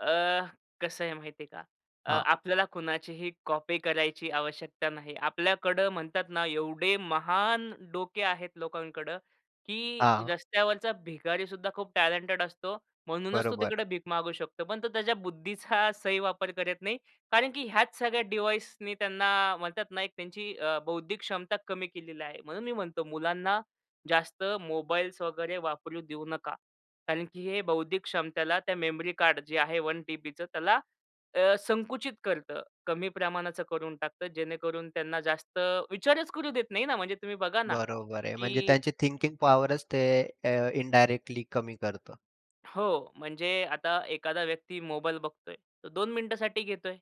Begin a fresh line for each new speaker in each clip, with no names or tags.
अ, कसं आहे माहिती आहे का? अ,
हां.
आपल्याला कुणाचीही कॉपी करायची आवश्यकता नाही. आपल्याकडं म्हणतात ना, एवढे महान डोके आहेत लोकांकडं, की
हा.
रस्त्यावरचा भिकारी सुद्धा खूप टॅलेंटेड असतो. म्हणूनच तो
बरोबर.
तिकडे भिक मागू शकतो. पण तो त्याच्या बुद्धीचा सही वापर करत नाही. कारण की ह्याच सगळ्या डिव्हाइसनी त्यांना म्हणतात नाही का, त्यांची अ, बौद्धिक क्षमता कमी केलेली आहे. म्हणून मी म्हणतो, मुलांना जास्त मोबाईल्स वगैरे वापरू देऊ नका. कारण की हे बौद्धिक क्षमतेला त्या मेमरी कार्ड जे आहे 1 टीबीचं त्याला अ, संकुचित करतं. कमी प्रमाणाचं करून टाकतं. जेणेकरून त्यांना जास्त विचारच करू देत नाही ना. म्हणजे तुम्ही बघा ना,
बरोबर आहे. म्हणजे
की
त्यांची थिंकिंग पॉवरच ते अ, इनडायरेक्टली कमी करतं.
हो. म्हणजे आता एखादा व्यक्ती मोबाईल बघतोय. 2 मिनिटांसाठी घेतोय.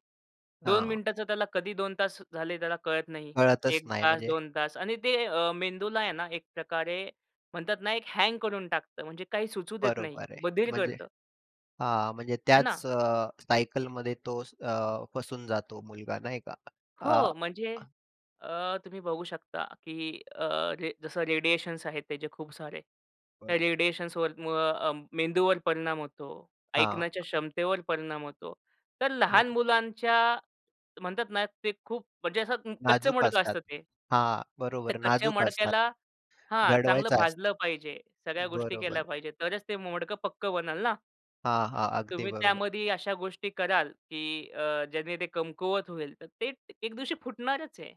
2
हां.
मिनिटांचं त्याला कधी 2 तास झाले, त्याला कळत नाही.
कळतच
1
नाही
तास,
म्हणजे
2 तास आणि ते मेंदूला आहे ना, एक प्रकारे म्हणतात ना, एक हँग करून टाकतं. म्हणजे काही सुचू देत नाही.
बरोबर आहे.
बधिर
म्हणजे
करतं.
अ, म्हणजे
है
त्याच
ना?
सायकलमध्ये तो अ, फसून जातो मुलगा नाही का? आ
हो. म्हणजे अ, तुम्ही बघू शकता, की अ, जसं रे रेडिएशन्स आहेत त्याचे खूप सारे
परदा.
रेडिएशन्सवर म मेंदूवर परिणाम होतो.
हां.
ऐकण्याच्या क्षमतेवर परिणाम होतो. तर लहान
बरं.
मुलांच्या म्हणतात ना, ते खूप म्हणजे असं कच्चं
नाजूक
मडकं
असतात.
असतं ते.
हां,
त्या
बरोबर
कच्च्या
नाजूक असतात.
मडक्याला हा चांगलं
घडवायचं
भाजलं
असतं.
पाहिजे. सगळ्या गोष्टी
बरोबर
केल्या
आहे.
पाहिजे. तरच ते मडकं पक्कं बनेल ना.
हां, हां, अगदी
तुम्ही
बरोबर.
त्यामध्ये अशा गोष्टी कराल, की अ, ज्यांनी ते कमकुवत होईल, तर ते एक दिवशी फुटणारच आहे.